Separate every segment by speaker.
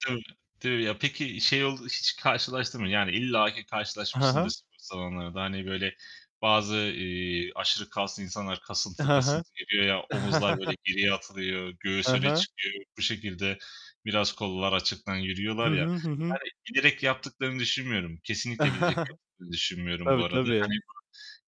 Speaker 1: [unintelligible] De ya. Peki şey oldu hiç karşılaştın mı? Yani illaki
Speaker 2: I, ha
Speaker 1: karşılaşmışsındır
Speaker 2: ha.
Speaker 1: spor salonlarda, hani, böyle bazı, iii, aşırı kaslı insanlar
Speaker 2: I,
Speaker 1: kasıntı
Speaker 2: ha ha.
Speaker 1: kasıntı geliyor ya; omuzlar böyle geriye atılıyor,
Speaker 2: Ha
Speaker 1: göğüs öne
Speaker 2: ha.
Speaker 1: çıkıyor, bu şekilde biraz kollar açıktan
Speaker 2: Hı
Speaker 1: yürüyorlar ya.
Speaker 2: hı, hı hı.
Speaker 1: Yani bilerek yaptıklarını düşünmüyorum, kesinlikle bilerek yaptıklarını düşünmüyorum bu
Speaker 2: Tabii,
Speaker 1: arada.
Speaker 2: tabii.
Speaker 1: Hani,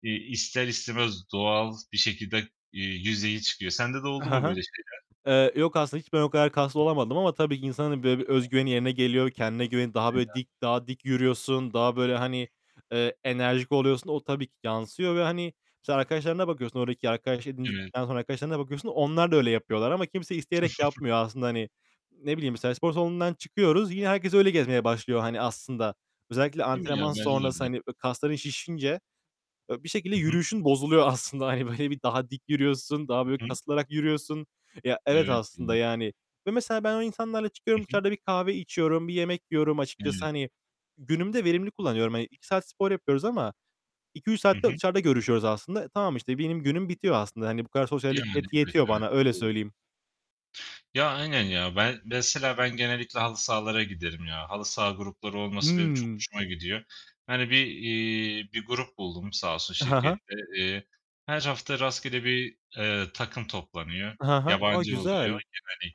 Speaker 1: iii, ister istemez doğal bir şekilde, iii, yüzeye çıkıyor. Sende de
Speaker 2: I,
Speaker 1: oldu
Speaker 2: ha
Speaker 1: mu
Speaker 2: ha.
Speaker 1: böyle şeyler?
Speaker 2: Eee, yok aslında. Hiç ben o kadar kaslı olamadım ama tabii ki insanın böyle bir öz
Speaker 1: [unintelligible]
Speaker 2: güveni yerine geliyor, kendine güveni.
Speaker 1: Değil
Speaker 2: Daha
Speaker 1: mi
Speaker 2: böyle
Speaker 1: ya.
Speaker 2: dik, daha dik yürüyorsun. Daha böyle, hani, eee, enerjik oluyorsun. O tabii ki yansıyor ve, hani, mesela arkadaşlarına bakıyorsun oradaki arkadaş
Speaker 1: Evet.
Speaker 2: edindikten sonra arkadaşlarına bakıyorsun. Onlar da öyle yapıyorlar ama kimse isteyerek yapmıyor aslında hani. Ne bileyim? Mesela spor salonundan çıkıyoruz. Yine herkes öyle gezmeye başlıyor,
Speaker 1: [unintelligible]
Speaker 2: hani aslında. Özellikle
Speaker 1: Değil mi ya?
Speaker 2: antrenman
Speaker 1: Bence de
Speaker 2: sonrası,
Speaker 1: öyle.
Speaker 2: hani ö kasların şişince, e, bir şekilde
Speaker 1: Hı hı.
Speaker 2: yürüyüşün bozuluyor aslında. Hani böyle bir daha dik yürüyorsun. Daha
Speaker 1: I
Speaker 2: böyle
Speaker 1: hı.
Speaker 2: kasılarak yürüyorsun. Ya, evet,
Speaker 1: Evet
Speaker 2: aslında,
Speaker 1: canım.
Speaker 2: yani, ve mesela ben o insanlarla
Speaker 1: Hı
Speaker 2: çıkıyorum.
Speaker 1: hı.
Speaker 2: Dışarıda bir kahve içiyorum. Bir yemek yiyorum açıkçası.
Speaker 1: Evet.
Speaker 2: Hani, günümü de verimli
Speaker 1: I hı.
Speaker 2: kullanıyorum hani. 2 saat spor yapıyoruz ama 2-3
Speaker 1: Hı
Speaker 2: saat de
Speaker 1: hı.
Speaker 2: dışarıda görüşüyoruz aslında. E, tamam işte, benim günüm bitiyor aslında. Hani bu kadar
Speaker 1: Yani,
Speaker 2: sosyallik net
Speaker 1: evet,
Speaker 2: yetiyor
Speaker 1: evet,
Speaker 2: bana. Öyle
Speaker 1: doğru.
Speaker 2: söyleyeyim.
Speaker 1: Ya, aynen ya. Ben mesela ben genellikle halı sahalara giderim ya. Halı saha grupları olması benim çok
Speaker 2: Hımm.
Speaker 1: hoşuma gidiyor. Yani, bir, eee, bir grup buldum sağ olsun
Speaker 2: I, ha ha.
Speaker 1: şirkette. Eee, her hafta rastgele bir, eee, takım toplanıyor.
Speaker 2: I, ha ha. A,
Speaker 1: Yabancı oluyor
Speaker 2: güzel!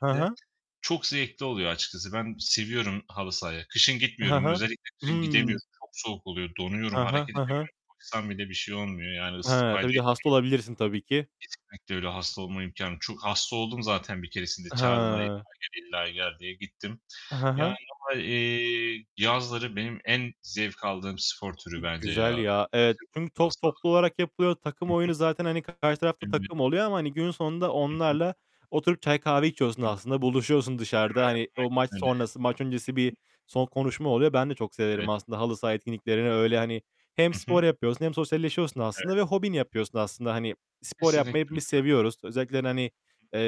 Speaker 2: Ha ha.
Speaker 1: Çok zevkli oluyor açıkçası. Ben seviyorum halı sahayı. Kışın
Speaker 2: I, ha
Speaker 1: gitmiyorum,
Speaker 2: ha.
Speaker 1: özellikle kışın
Speaker 2: Hımm.
Speaker 1: gidemiyorum. Çok soğuk oluyor, donuyorum,
Speaker 2: Ha
Speaker 1: hareket
Speaker 2: ha. Ha ha.
Speaker 1: edemiyorum. Koşsam bile bir şey olmuyor yani, ısı
Speaker 2: Hıı.
Speaker 1: fayda
Speaker 2: Tabii bir de hasta
Speaker 1: etmiyor.
Speaker 2: olabilirsin, tabii ki.
Speaker 1: Kesinlikle öyle. Hasta olma imkânı çok Hasta oldum zaten bir keresinde
Speaker 2: I,
Speaker 1: çağırdılar illa
Speaker 2: hıı.
Speaker 1: gel, illa gel diye. Gittim.
Speaker 2: I, he he.
Speaker 1: Yani ama, eee, yazları benim en zevk aldığım spor türü
Speaker 2: İii,
Speaker 1: bence ya,
Speaker 2: güzel ya. Evet. Çünkü
Speaker 1: [unintelligible] halı
Speaker 2: top
Speaker 1: saha.
Speaker 2: toplu olarak yapılıyor. Takım
Speaker 1: Hı hı.
Speaker 2: oyunu zaten hani karşı tarafta
Speaker 1: [unintelligible]
Speaker 2: takım oluyor ama, hani, gün sonunda
Speaker 1: Hı hı.
Speaker 2: onlarla oturup çay kahve
Speaker 1: [unintelligible] [unintelligible]
Speaker 2: içiyorsun
Speaker 1: Aynen
Speaker 2: aslında. Buluşuyorsun dışarıda. Hani, o maç
Speaker 1: öyle ya.
Speaker 2: sonrası, maç öncesi
Speaker 1: Hı
Speaker 2: bir
Speaker 1: hı.
Speaker 2: son konuşma oluyor. Ben de çok severim
Speaker 1: Evet.
Speaker 2: aslında halı saha etkinliklerini, öyle hani hem
Speaker 1: Hı
Speaker 2: spor
Speaker 1: hı.
Speaker 2: yapıyorsun hem sosyalleşiyorsun aslında
Speaker 1: Evet.
Speaker 2: ve hobini yapıyorsun aslında, hani. Spor yapmayı
Speaker 1: Kesinlikle öyle
Speaker 2: hepimiz
Speaker 1: bence.
Speaker 2: seviyoruz. Özellikle, yani, hani,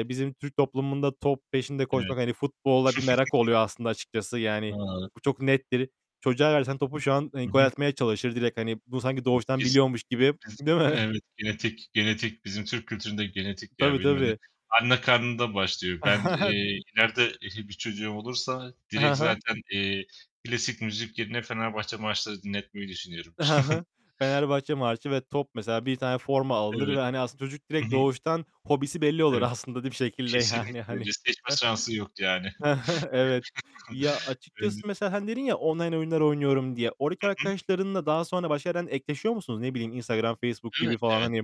Speaker 1: Hı hı.
Speaker 2: bizim Türk toplumunda top peşinde
Speaker 1: Evet.
Speaker 2: koşmak, hani futbola bir merak oluyor aslında açıkçası. Yani bu çok
Speaker 1: [unintelligible]
Speaker 2: nettir. Çocuğa versen topu şu an, ııı,
Speaker 1: Hı
Speaker 2: gol
Speaker 1: hı.
Speaker 2: atmaya çalışır direkt, hani bunu sanki doğuştan
Speaker 1: Kesin
Speaker 2: biliyormuş gibi,
Speaker 1: [unintelligible]
Speaker 2: değil mi?
Speaker 1: Evet, genetik genetik, bizim Türk kültüründe genetik ya.
Speaker 2: Tabii,
Speaker 1: [unintelligible]
Speaker 2: tabii.
Speaker 1: Anne karnında başlıyor. Ben, eee, ileride ehli bir çocuğum olursa
Speaker 2: I,
Speaker 1: direkt
Speaker 2: he he.
Speaker 1: zaten, eee, klasik müzik yerine Fenerbahçe marşları dinletmeyi düşünüyorum.
Speaker 2: I, he he. Fenerbahçe Marşı ve top mesela. Bir tane forma alınır
Speaker 1: Evet,
Speaker 2: ve, hani, aslında çocuk
Speaker 1: hı
Speaker 2: direkt
Speaker 1: hı.
Speaker 2: doğuştan hobisi belli olur
Speaker 1: Evet,
Speaker 2: aslında da bir şekilde, yani,
Speaker 1: kesinlikle,
Speaker 2: hani.
Speaker 1: ce seçme şansı yok yani.
Speaker 2: Evet. Ya,
Speaker 1: [unintelligible]
Speaker 2: açıkçası mesela, hani, dedin ya, "Online oyunlar oynuyorum." diye.
Speaker 1: Hı
Speaker 2: Oradaki
Speaker 1: hı.
Speaker 2: arkadaşlarınla daha sonra başka yerden ekleşiyor musunuz? Ne bileyim Instagram, Facebook
Speaker 1: Evet,
Speaker 2: gibi falan,
Speaker 1: evet.
Speaker 2: hani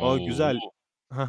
Speaker 2: A, güzel! He he.